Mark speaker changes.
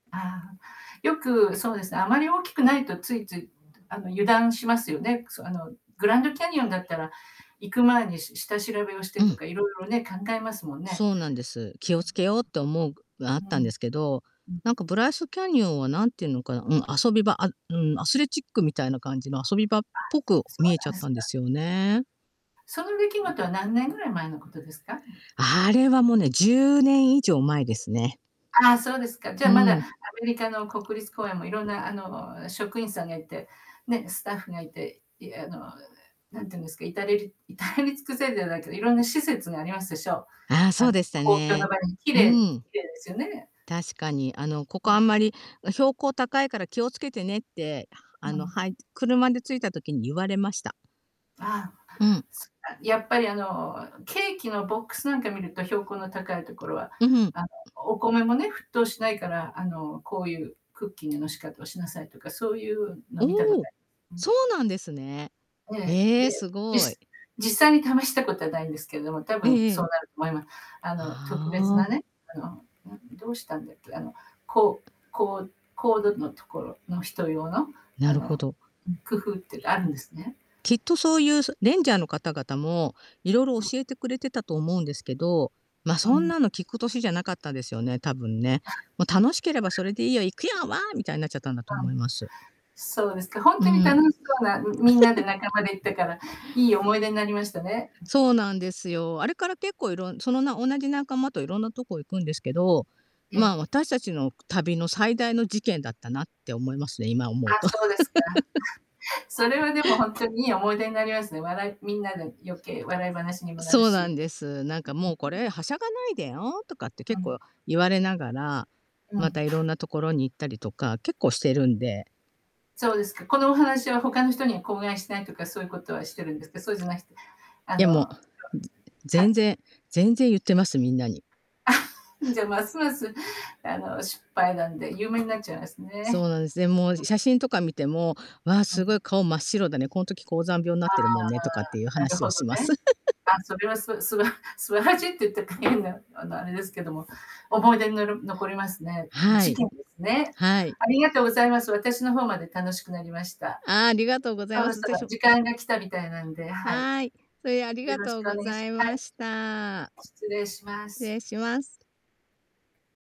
Speaker 1: ああ。よく、そうですね、あまり大きくないと、ついついどあの油断しますよね、くそあの、グランドキャニオンだったら、行く前にし下調べをし
Speaker 2: う
Speaker 1: てと
Speaker 2: ん。
Speaker 1: か、色々ね、考えますもんね。
Speaker 2: そうなんです。気を付けようって思うが、あっ
Speaker 1: うー
Speaker 2: た
Speaker 1: ん。う
Speaker 2: んですけど、
Speaker 1: ん。う
Speaker 2: な
Speaker 1: ん。
Speaker 2: んか、ブライスキャニオンは、何て言うのかな、うん、遊び場。あうん、アスレチックみたいな感じの遊び場っ
Speaker 1: あ、
Speaker 2: ぽく
Speaker 1: そ
Speaker 2: 見
Speaker 1: う
Speaker 2: えち
Speaker 1: な
Speaker 2: ゃ
Speaker 1: ん
Speaker 2: っ
Speaker 1: です
Speaker 2: たんで
Speaker 1: か。
Speaker 2: すよね。
Speaker 1: その出来事は何年ぐらい前のことですか？
Speaker 2: あれはもう、ね、10年以上前ですね。
Speaker 1: ああ、そうですか。じ
Speaker 2: う
Speaker 1: ゃあまだ、ア
Speaker 2: ん。
Speaker 1: メリカの国立公園も色んな、あの、職員さんがいて、ね、スタッフがいて、いあの、うえ何て言うんですか、至れり至れり尽くせるじゃないけど、色んな施設がありますでしょ、
Speaker 2: ああ、そ
Speaker 1: あ
Speaker 2: う
Speaker 1: の、
Speaker 2: でした
Speaker 1: 公共の
Speaker 2: ね。
Speaker 1: 場に綺
Speaker 2: う
Speaker 1: 麗で
Speaker 2: ん。
Speaker 1: 綺麗ですよね。
Speaker 2: 確かに。あの、こ
Speaker 1: う
Speaker 2: こ、あ
Speaker 1: ん。
Speaker 2: んまり、うん、「標高高いから気を付けてね」って、ああ
Speaker 1: な
Speaker 2: の
Speaker 1: ん。
Speaker 2: はい車で着いた時に言われました。
Speaker 1: あ
Speaker 2: うん。
Speaker 1: あ、そっか、やっぱりあの、ケーキのボックスなんか見ると、標高の高いところは、
Speaker 2: んふ。
Speaker 1: あの、お米もね、沸騰しないから、あの、こういうクッキングの仕方をしなさいとか、そういうの見たこ
Speaker 2: お
Speaker 1: と
Speaker 2: お、
Speaker 1: あります。う
Speaker 2: そ
Speaker 1: ん。
Speaker 2: うなんですね。
Speaker 1: ええ、
Speaker 2: へえ、
Speaker 1: で、
Speaker 2: す
Speaker 1: じ
Speaker 2: ごい。
Speaker 1: す実際に試したことはないんですけれども、多
Speaker 2: え
Speaker 1: 分
Speaker 2: え
Speaker 1: そう
Speaker 2: ええ。
Speaker 1: なると思いま。あの、特別な
Speaker 2: はあ。
Speaker 1: ね、あの、あ、どうしたんだっけ？あの、こうこう高度の所の人用の、あ
Speaker 2: なるほ
Speaker 1: の、
Speaker 2: ど。いや。
Speaker 1: うん、工夫っていうか、あるんですね。
Speaker 2: きっとそういう、そレンジャーの方々も、色々
Speaker 1: うん。
Speaker 2: 教えてくれてたと思うんですけど、ま、
Speaker 1: う
Speaker 2: そん
Speaker 1: ん。
Speaker 2: なの聞く歳じゃなかったですよね、多分ね。
Speaker 1: あ。あは。
Speaker 2: もう「楽しければそれでいいよ、行くよ、わあ」みたいになっちゃったんだと
Speaker 1: わん。
Speaker 2: 思います。
Speaker 1: そうですか、本
Speaker 2: う
Speaker 1: 当に楽
Speaker 2: ん。
Speaker 1: しそうな、ん、みんなで仲 間で行ったから、良い思い出になりましたね。ん。
Speaker 2: そうなんですよ。あれから結構いろんその、な同じ仲間といろんなとこ行くんですけど、
Speaker 1: え
Speaker 2: まあ、
Speaker 1: え。
Speaker 2: 私達の旅の最大の事件だったな、って思いますね、今思
Speaker 1: あ、
Speaker 2: うと。
Speaker 1: そうですか。それ はでも、本当に良い思い出になりますね、笑いみんなで余計、笑い話にもなる
Speaker 2: そう
Speaker 1: し。う
Speaker 2: な
Speaker 1: ん
Speaker 2: んです。なんかもう、「こ
Speaker 1: ううう。
Speaker 2: れ、はしゃがないでよ」とかって
Speaker 1: う
Speaker 2: 結
Speaker 1: ん。
Speaker 2: 構言われながら、
Speaker 1: の
Speaker 2: また
Speaker 1: ん。
Speaker 2: いろんな所に行ったりとか、結構してるんで。
Speaker 1: そうですか。このお話は他の人には口外しないとか、そういうことはしてるんですか？そうじゃなしてあ
Speaker 2: いや、も
Speaker 1: の、
Speaker 2: う、ず
Speaker 1: か
Speaker 2: 全然全然言ってます、みんなに。
Speaker 1: じゃ、ますます、あの、失敗談で、有名になっちゃいますね。
Speaker 2: そうなんです。で、もう、
Speaker 1: うん。
Speaker 2: し写真とか見ても、「わあ、
Speaker 1: う
Speaker 2: す
Speaker 1: ん。
Speaker 2: ごい顔真っ白だね。この時高山病になっ
Speaker 1: あ
Speaker 2: て
Speaker 1: あ、
Speaker 2: るもんね」とかっていう
Speaker 1: なる
Speaker 2: 話を
Speaker 1: ほど
Speaker 2: します。
Speaker 1: ね。あ、それはすすば素晴らしいって言ったか、変な、あの、あれですけども、思い出になる残りますね。うん、
Speaker 2: は
Speaker 1: チ
Speaker 2: い。
Speaker 1: キンですね。
Speaker 2: はい。
Speaker 1: ありがとうございます。私の方まで楽しくなりました。
Speaker 2: ああ、ありがとうござい
Speaker 1: そ
Speaker 2: ま
Speaker 1: ろ
Speaker 2: す。
Speaker 1: そ
Speaker 2: ぜ
Speaker 1: ろ
Speaker 2: しょ
Speaker 1: 時間が来たみたいなんで、はい。
Speaker 2: はい。それはありが
Speaker 1: よろし
Speaker 2: とう
Speaker 1: くお
Speaker 2: ご
Speaker 1: 願い
Speaker 2: ざ
Speaker 1: し
Speaker 2: い
Speaker 1: は
Speaker 2: ま
Speaker 1: い。
Speaker 2: した。
Speaker 1: 失礼しま
Speaker 2: 失
Speaker 1: す。
Speaker 2: 礼します。